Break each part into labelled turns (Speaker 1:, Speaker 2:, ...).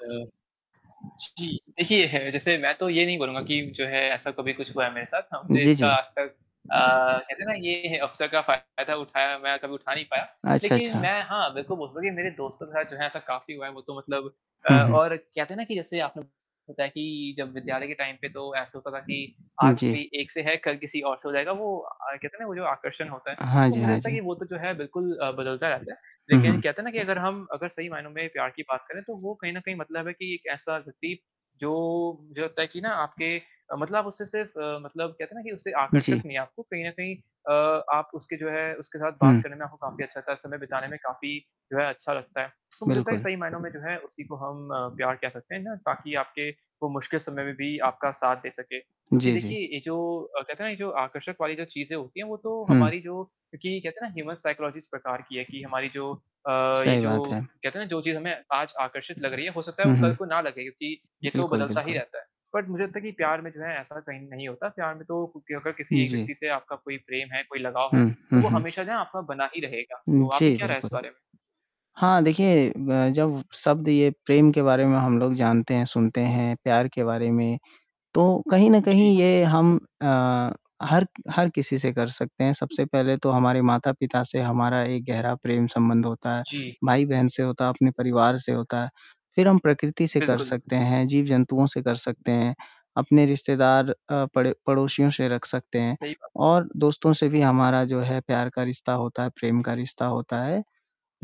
Speaker 1: अ, जी, देखिए है जैसे मैं तो ये नहीं बोलूँगा कि जो है ऐसा कभी कुछ हुआ है मेरे साथ, ना मुझे
Speaker 2: जी,
Speaker 1: इसका
Speaker 2: जी।
Speaker 1: आज तक अ, कहते हैं ना ये है अवसर का फ़ायदा कल उठाया मैं कभी उठा नहीं पाया।
Speaker 2: अच्छा,
Speaker 1: लेकिन
Speaker 2: अच्छा।
Speaker 1: मैं हाँ, बिल्कुल बोलता हूँ कि मेरे दोस्तों के साथ जो है ऐसा काफ़ी हुआ है, वो तो मतलब अ,
Speaker 2: हुँ, हुँ।
Speaker 1: और कहते हैं ना कि जैसे आपन होता है कि जब विद्यालय के टाइम पे तो ऐसा होता था कि
Speaker 2: उ,
Speaker 1: आज
Speaker 2: जी।
Speaker 1: कोई एक से है, कल किसी और से हो जाएगा। वो अ, कहते हैं ना वो जो आकर्षण होता है,
Speaker 2: हाँ
Speaker 1: तो
Speaker 2: जी,
Speaker 1: मुझे
Speaker 2: हाँ
Speaker 1: लगता है
Speaker 2: जी।
Speaker 1: कि वो तो जो है बिल्कुल अ, बदलता रहता है।
Speaker 2: हुँ,
Speaker 1: लेकिन
Speaker 2: हुँ।
Speaker 1: कहते हैं ना कि अगर हम, अगर सही मायनों में प्यार की बात करें, तो वो कहीं न कहीं मतलब है कि एक ऐसा व्यक्ति जो, मुझे लगता है कि ना आपके अ, मतलब उससे सिर्फ़ अ, मतलब कहते हैं ना कि, उससे आकर्षक
Speaker 2: जी।
Speaker 1: नहीं है, आपको कहीं न कहीं अ, आप उसके जो है, उसके साथ बात
Speaker 2: हुँ।
Speaker 1: करने में आपको काफ़ी अच्छा लगता है, समय बिताने में काफ़ी जो है अच्छा लगता है। तो मुझे लगता है
Speaker 2: बिल्कुल।
Speaker 1: सही मायनों में जो है उसी को हम अ, प्यार कह सकते हैं ना ताकी आपके वो मुश्किल समय में भी आपका साथ दे सके। क्योंकि
Speaker 2: जी, जी।
Speaker 1: देखिए ये जो अ, कहते हैं ना ये जो आकर्षक वाली जो चीज़ें होती हैं वो तो
Speaker 2: हुँ।
Speaker 1: हमारी जो कि कहते हैं ना ह्यूमन साइकोलॉजिस्ट प्रकार की है कि हमारी जो अ, ये
Speaker 2: सही
Speaker 1: जो
Speaker 2: बात है।
Speaker 1: कहते हैं ना जो चीज़ हमें आज आकर्षित लग रही है वो हो सकता है वो
Speaker 2: हुँ,
Speaker 1: कल को
Speaker 2: हुँ।
Speaker 1: ना लगे क्योंकि ये तो
Speaker 2: बिल्कुल,
Speaker 1: बदलता ही
Speaker 2: बिल्कुल।
Speaker 1: रहता है। बट मुझे लगता है कि प्यार में जो है ऐसा कहीं नहीं होता। प्यार में तो क्योंकि अगर किसी एक
Speaker 2: जी।
Speaker 1: व्यक्ति से आपका कोई प्रेम है, कोई लगाव है,
Speaker 2: हुँ,
Speaker 1: तो
Speaker 2: हुँ,
Speaker 1: वो
Speaker 2: हुँ।
Speaker 1: हमेशा जो ना आपका बना ही रहेगा।
Speaker 2: उ,
Speaker 1: तो आपकी
Speaker 2: जी,
Speaker 1: क्या राय है इस
Speaker 2: बिल्कुल।
Speaker 1: बारे में?
Speaker 2: हाँ, देखिए ब जब शब्द ये प्रेम के बारे में हम लोग जानते हैं, सुनते हैं, प्यार के बारे में, तो कहीं न कहीं
Speaker 1: जी।
Speaker 2: ये हम अ, हर हर किसी से कर सकते हैं। सबसे पहले तो हमारे माता-पिता से हमारा एक गहरा प्रेम संबंध होता है,
Speaker 1: जी।
Speaker 2: भाई-बहन से होता है, अपने परिवार से होता है। फिर हम प्रकृति से कर
Speaker 1: बिल्कुल।
Speaker 2: सकते हैं, जीव-जंतुओं से कर सकते हैं, अपने रिश्तेदार अ, पड़े पड़ोसियों से रख सकते हैं
Speaker 1: सही बात है।
Speaker 2: और दोस्तों से भी हमारा जो है प्यार का रिश्ता होता है, प्रेम का रिश्ता होता है।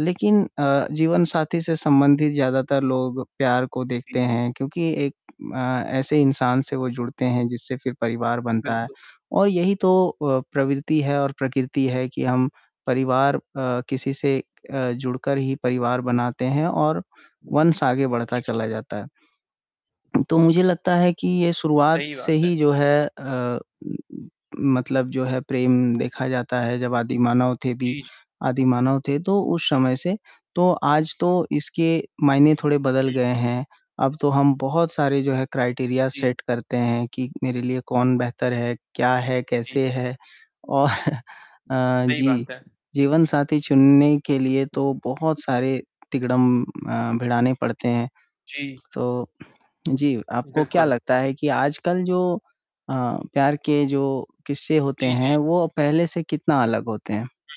Speaker 2: लेकिन अ, जीवनसाथी से संबंधित ज़्यादातर लोग प्यार को देखते
Speaker 1: जी।
Speaker 2: हैं क्योंकि एक अ, ऐसे इंसान से वो जुड़ते हैं जिससे फिर परिवार बनता है।
Speaker 1: बिल्कुल।
Speaker 2: और यही तो अ, प्रवृत्ति है और प्रकृति है कि हम परिवार अ, किसी से अ, जुड़कर ही परिवार बनाते हैं और वंश आगे बढ़ता
Speaker 1: जी, जी।
Speaker 2: चला जाता है। तो मुझे लगता है कि ये शुरुआत
Speaker 1: सही
Speaker 2: से
Speaker 1: बात
Speaker 2: ही
Speaker 1: है।
Speaker 2: जो है अ, म म मतलब जो है प्रेम देखा जाता है जब आदिमानव थे भी
Speaker 1: जी, जी।
Speaker 2: आदिमानव थे तो उस समय से तो आज तो इसके मायने थोड़े बदल
Speaker 1: हुँ।
Speaker 2: गए हैं। अब तो हम बहुत सारे जो है क्राइटेरिया
Speaker 1: जी।
Speaker 2: सेट करते हैं कि मेरे लिए कौन बेहतर है, क्या है,
Speaker 1: जी।
Speaker 2: कैसे है? औ अ,
Speaker 1: सही
Speaker 2: जी।
Speaker 1: बात है।
Speaker 2: जीवनसाथी चुनने के लिए तो बहुत सारे तिगड़म अ भिड़ाने पड़ते हैं।
Speaker 1: जी।
Speaker 2: स तो जी, आपको क्या
Speaker 1: बिल्कुल।
Speaker 2: लगता है कि आजकल जो अ, प्यार के जो किस्से होते
Speaker 1: जी,
Speaker 2: हैं,
Speaker 1: जी।
Speaker 2: वो पहले से कितना अलग होते हैं।
Speaker 1: हुँ।